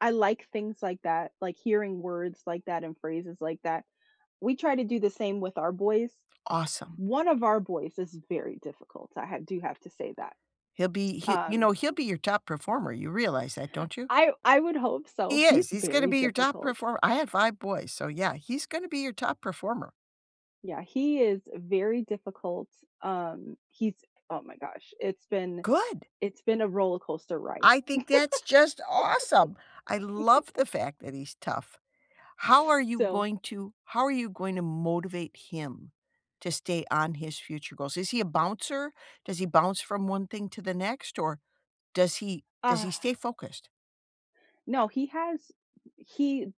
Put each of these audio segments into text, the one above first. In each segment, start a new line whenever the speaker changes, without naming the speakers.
I like things like that, like hearing words like that and phrases like that. We try to do the same with our boys.
Awesome.
One of our boys is very difficult, I ha do have to say that.
He'll be he you
Um
know, he'll be your top performer, you realize that, don't you?
I I would hope so,
He
he's
is, he's gonna
very
be your top
difficult.
perform I had 5 boys, so, yeah, he's gonna be your top performer.
Yeah, he is very difficult, um, he's oh my gosh, it's been
Good!
it's been a roller coaster ride.
I think that's just awesome! I love the fact that he's tough. How are you
So
going to how are you going to motivate him to stay on his future goals? Is he a bouncer? Does he bounce from one thing to the next, or, does he does he stay focused?
No, he has he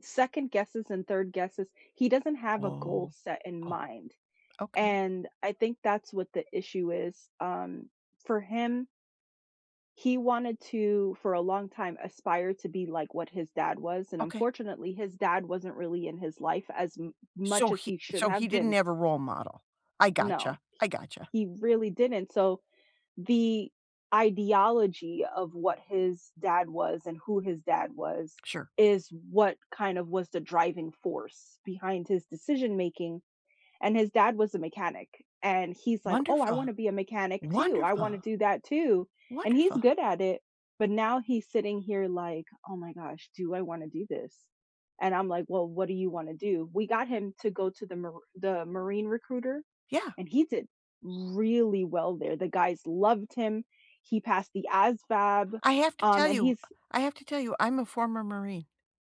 second-guesses and third-guesses. He doesn't have a goal
Oh.
set in
Oh.
mind,
Okay.
and I think that's what the issue is. Um, for him he wanted to, for a long time, aspire to be like what his dad was, and
Okay.
unfortunately his dad wasn't really in his life as m
So
much as
he
he should
so he
have
didn't
been.
have a role model. I
No,
gotcha,
he
I gotcha.
he really didn't, so the ideology of what his dad was and who his dad was,
Sure.
is what kind of was the driving force behind his decision making. And his dad was a mechanic, and he's like, "Oh, I
Wonderful.
wanna be a mechanic too, I wanna
Wonderful.
do that too," and he's
Wonderful.
good at it, but now he's sitting here like, "Oh my gosh, do I wanna do this?" And I'm like, "Well, what do you wanna do?" We got him to go to the Mar the Marine recruiter,
Yeah.
and he did really well there, the guys loved him, he passed the ASVAB,
I have to
um,
tell
and
you
he's
I have to tell you, I'm a former Marine.